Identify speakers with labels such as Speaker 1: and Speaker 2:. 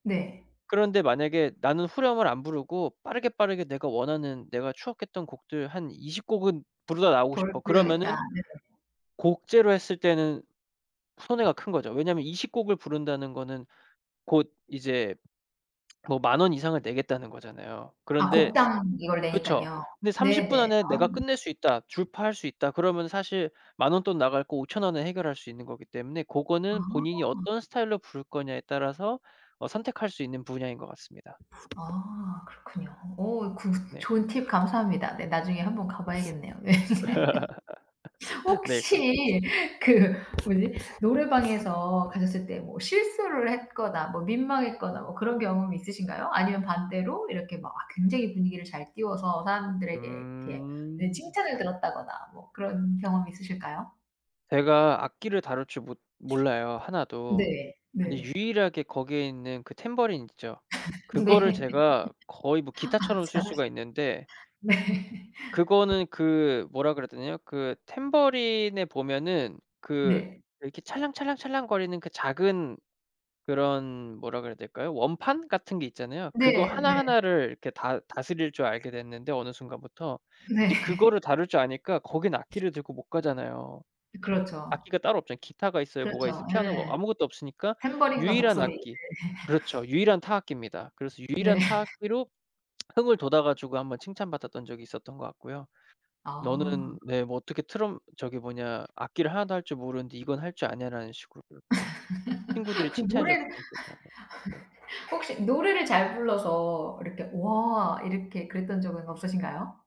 Speaker 1: 네.
Speaker 2: 그런데 만약에 '나는 후렴을 안 부르고 빠르게, 빠르게 내가 원하는 내가 추억했던 곡들 한 20 곡은 부르다 나오고
Speaker 1: 불
Speaker 2: 싶어.'
Speaker 1: 불러야겠다.
Speaker 2: 그러면은
Speaker 1: 네네.
Speaker 2: 곡제로 했을 때는 손해가 큰 거죠. 왜냐면 20 곡을 부른다는 거는 곧 이제 뭐 10,000 원 이상을 내겠다는 거잖아요.
Speaker 1: 아
Speaker 2: 그런데
Speaker 1: 곡당 이걸
Speaker 2: 그쵸.
Speaker 1: 내니깐요.
Speaker 2: 근데 '30 분
Speaker 1: 네네.
Speaker 2: 안에
Speaker 1: 아.
Speaker 2: 내가 끝낼 수 있다. 주파할 수 있다.' 그러면 사실 10,000 원 돈 나갈 거 5,000 원에 해결할 수 있는 거기 때문에 고거는 본인이
Speaker 1: 아.
Speaker 2: 어떤 스타일로 부를 거냐에 따라서 어 선택할 수 있는 분야인 것 같습니다.
Speaker 1: 아 그렇군요. 오 굿.
Speaker 2: 네.
Speaker 1: 좋은 팁 감사합니다. 네 나중에 한번 가봐야겠네요. 예.
Speaker 2: 네. 그렇스
Speaker 1: 혹시 그 뭐지 노래방에서 가셨을 때 뭐 실수를 했거나 뭐 민망했거나 뭐 그런 경험이 있으신가요? 아니면 반대로 이렇게 막 아 굉장히 분위기를 잘 띄워서 사람들에게 이렇게 네
Speaker 2: 음.
Speaker 1: 칭찬을 들었다거나 뭐 그런 경험 있으실까요?
Speaker 2: 제가 악기를 다룰 줄 못 몰라요 하나도.
Speaker 1: 네.
Speaker 2: 근데
Speaker 1: 네.
Speaker 2: 유일하게 거기에 있는 그 탬버린 있죠. 그거를
Speaker 1: 네.
Speaker 2: 제가 거의 뭐
Speaker 1: 아
Speaker 2: 기타처럼 쓸
Speaker 1: 잘하시
Speaker 2: 수가 있는데
Speaker 1: 네.
Speaker 2: 그거는 그 뭐라 그래야 되냐요 그 탬버린에 보면은 그
Speaker 1: 네.
Speaker 2: 이렇게 찰랑찰랑찰랑거리는 그 작은 그런 뭐라 그래야 될까요 원판 같은 게 있잖아요. 그거
Speaker 1: 네. 네.
Speaker 2: 하나하나를 이렇게 다 다스릴 줄 알게 됐는데 어느 순간부터.
Speaker 1: 네.
Speaker 2: 이제 그거를 다룰 줄 아니까 거긴 악기를 들고 못 가잖아요.
Speaker 1: 그렇죠.
Speaker 2: 악기가 따로 없잖아요. 기타가 있어요, 뭐가 있어요.
Speaker 1: 그렇죠.
Speaker 2: 피아노가
Speaker 1: 예.
Speaker 2: 아무것도 없으니까
Speaker 1: 탬버린과
Speaker 2: 유일한
Speaker 1: 목소리. 네.
Speaker 2: 악기 그렇죠. 유일한 타악기입니다. 그래서
Speaker 1: 네.
Speaker 2: 유일한 타악기로 흥을 돋아 가지고 1 번 칭찬받았던 적이 있었던 것 같고요.
Speaker 1: 아.
Speaker 2: "너는" 네 뭐 "어떻게 트럼 저기 뭐냐 악기를 하나도 할 줄 모르는데 이건 할 줄 아냐."라는 식으로 그렇게 친구들이
Speaker 1: 그
Speaker 2: 칭찬해
Speaker 1: 노래를
Speaker 2: 줬었던 기억이 나네요. 네.
Speaker 1: 혹시 노래를 잘 불러서 이렇게 "와." 이렇게 그랬던 적은 없으신가요?